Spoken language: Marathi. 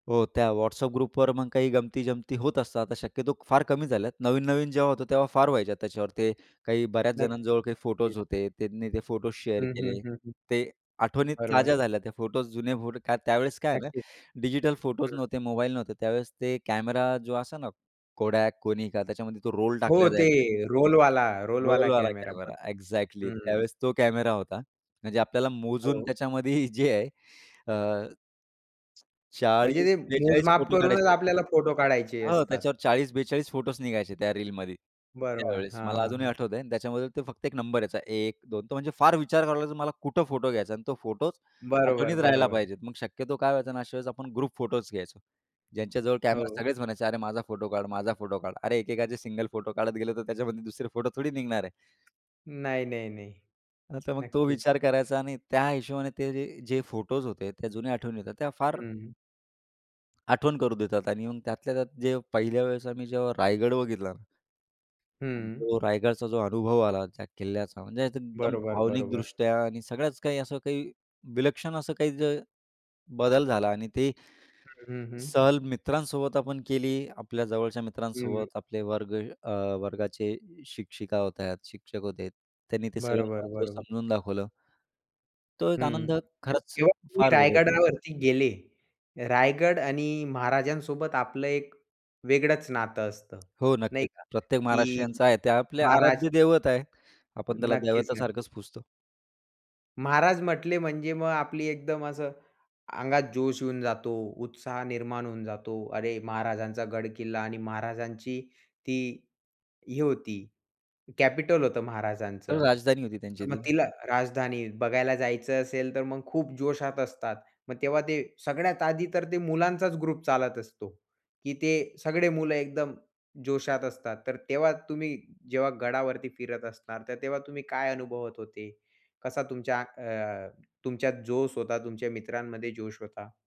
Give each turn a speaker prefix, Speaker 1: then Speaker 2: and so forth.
Speaker 1: हो, त्या WhatsApp ग्रुपवर मग काही गंमती-जमती होत असतात, तर शक्यतो फार कमी झाल्यात. नवीन-नवीन जेव्हा होतं, तेव्हा फार व्हायच्या त्याच्यावर. ते काही बऱ्याच जणांजवळ काही फोटोज
Speaker 2: नक्कीच.
Speaker 1: होते, त्यांनी ते फोटोज शेअर
Speaker 2: हं, हं,
Speaker 1: केले,
Speaker 2: हं, हं.
Speaker 1: ते आठवणीत
Speaker 2: बरोबर.
Speaker 1: ताज्या झाल्या त्या. फोटोज, जुने फोटो, का त्यावेळेस काय आहे ना,
Speaker 2: नक्कीच.
Speaker 1: डिजिटल फोटोज
Speaker 2: हं.
Speaker 1: नव्हते, मोबाईल नव्हते. त्यावेळेस ते कॅमेरा जो असा ना Kodak, Konica, त्याच्यामध्ये तो रोल
Speaker 2: हो
Speaker 1: टाकला
Speaker 2: ते
Speaker 1: जायचा.
Speaker 2: रोलवाला, रोलवाला
Speaker 1: रोलवाला
Speaker 2: कॅमेरा.
Speaker 1: कॅमेरा,
Speaker 2: बरं
Speaker 1: एक्झॅक्टली!
Speaker 2: हं.
Speaker 1: त्यावेळेस तो कॅमेरा होता. म्हणजे आपल्याला मोजून
Speaker 2: हो.
Speaker 1: त्याच्यामध्ये जे आहे, अ
Speaker 2: म्हणजे ते
Speaker 1: 40-42
Speaker 2: मोजमाप
Speaker 1: फोटो
Speaker 2: करूनच
Speaker 1: काढायचे.
Speaker 2: आपल्याला फोटो काढायचे
Speaker 1: हो,
Speaker 2: असतात.
Speaker 1: त्याच्यावर 40-42 फोटोज निघायचे त्या रीलमध्ये,
Speaker 2: बरोबर.
Speaker 1: त्यावेळेस.
Speaker 2: हां,
Speaker 1: मला
Speaker 2: हां,
Speaker 1: अजूनही
Speaker 2: हां.
Speaker 1: आठवतंय आणि त्याच्यामधलं ते फक्त एक नंबर यायचा 1 2, तो म्हणजे फार विचार करावा लागायचा मला कुठं फोटो घ्यायचा आणि तो फोटो
Speaker 2: बरोबर,
Speaker 1: आठवणीत राहायला
Speaker 2: बरोबर.
Speaker 1: पाहिजे. मग शक्यतो काय व्हायचं ना, अशा वेळेस आपण ग्रुप फोटोज घ्यायचो. ज्यांच्याजवळ कॅमेरा,
Speaker 2: हो.
Speaker 1: सगळेच म्हणायचे, "अरे माझा फोटो काढ, माझा फोटो काढ! अरे, एकेकाचे सिंगल फोटो काढत गेले, तर त्याच्यामध्ये दुसरे फोटो थोडी निघणार आहे?"
Speaker 2: नाही, नाही, नाही.
Speaker 1: नाही तर मग तो
Speaker 2: नक्कीच.
Speaker 1: विचार करायचा आणि त्या हिशोबाने ते जे फोटोस होते त्या जुन्या आठवणी होत्या त्या फार
Speaker 2: हं.
Speaker 1: आठवण करू देतात आणि येऊन त्यातल्या त्यात जे पहिल्या वेळेस आम्ही जेव्हा रायगड बघितला. मग
Speaker 2: हं.
Speaker 1: तो रायगडचा जो अनुभव आला त्या किल्ल्याचा, म्हणजे एकदम
Speaker 2: बरोबर, बरोबर.
Speaker 1: भावनिकदृष्ट्या आणि सगळ्याच काही असं काही विलक्षण असं काही जर बदल झाला. आणि ते
Speaker 2: हं, हं, हं.
Speaker 1: सहल मित्रांसोबत आपण केली आपल्या जवळच्या
Speaker 2: हं.
Speaker 1: मित्रांसोबत आपले वर्ग अ, वर्गाचे शिक्षिका होत्या शिक्षक होते त्यांनी ते सगळं
Speaker 2: बरोबर,
Speaker 1: महत्त्व
Speaker 2: बरोबर.
Speaker 1: समजून दाखवलं. तो एक आनंद
Speaker 2: हं, तर
Speaker 1: खरंच
Speaker 2: जेव्हा तुम्ही
Speaker 1: फार वेगळा आहे तो.
Speaker 2: रायगडावरती गेले. रायगड आणि महाराजांसोबत आपलं एक वेगळंच नातं असतं,
Speaker 1: हो
Speaker 2: नाही
Speaker 1: नक्कीच
Speaker 2: का?
Speaker 1: प्रत्येक
Speaker 2: की
Speaker 1: महाराष्ट्रीयांचं आहे. ते आपले
Speaker 2: महाराज
Speaker 1: आराध्य दैवत आहे. आपण त्याला
Speaker 2: नक्कीच,
Speaker 1: देवता
Speaker 2: नक्कीच.
Speaker 1: सारखंच पुजतो.
Speaker 2: महाराज म्हंटले म्हणजे मग आपली एकदम असं अंगात जोश येऊन जातो, उत्साह निर्माण होऊन जातो. अरे, महाराजांचा गड-किल्ला आणि महाराजांची ती हे होती, कॅपिटल होतं महाराजांचं.
Speaker 1: राजधानी होती त्यांची
Speaker 2: मग
Speaker 1: ती.
Speaker 2: तिला राजधानी बघायला जायचं असेल, तर मग खूप जोशात असतात. मग तेव्हा ते सगळ्यात आधी तर ते मुलांचाच ग्रुप चालत असतो, की ते सगळे मुलं एकदम जोशात असतात. तर तेव्हा तुम्ही जेव्हा गडावरती फिरत असणार, तर तेव्हा तुम्ही काय अनुभवत होते? कसा तुमच्या अ, तुमच्यात जोश होता, तुमच्या मित्रांमध्ये जोश होता?